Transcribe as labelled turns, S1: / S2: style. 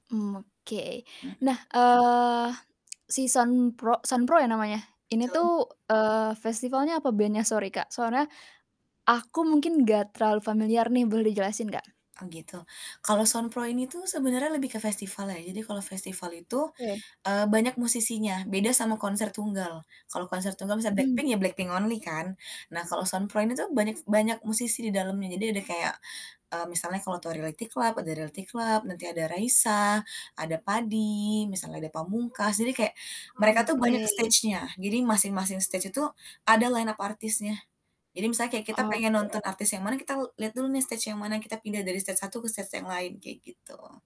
S1: Mmm, oke.
S2: Mmm.
S1: Nah, eee, si Sound Pro Sound Pro ya namanya? Ini
S2: Betul.
S1: tuh, eee, festivalnya apa bandnya, sorry, Kak? Soalnya aku mungkin enggak terlalu familiar nih, boleh dijelasin enggak?
S2: Oh, gitu. Kalau Sound Pro ini tuh sebenarnya lebih ke festival ya. Jadi kalau festival itu,
S1: Weh.
S2: eee, banyak musisinya, beda sama konser tunggal. Kalau konser tunggal misal BLACKPINK
S1: Mmm.
S2: ya BLACKPINK only kan? Nah kalau Sound Pro ini tuh banyak banyak musisi di dalamnya. Jadi ada kayak, eee, misalnya kalau tau Reality Club, ada Reality Club, nanti ada Raisa, ada Padi, misalnya ada Pamungkas, jadi kayak mereka
S1: Oh,
S2: tuh banyak
S1: oke.
S2: stage-nya. Jadi masing-masing stage itu ada line up artisnya. Jadi misalnya kayak kita pengen nonton
S1: Oke.
S2: artis yang mana kita lihat dulu nih stage yang mana, kita pindah dari stage satu ke stage yang lain, kayak gitu.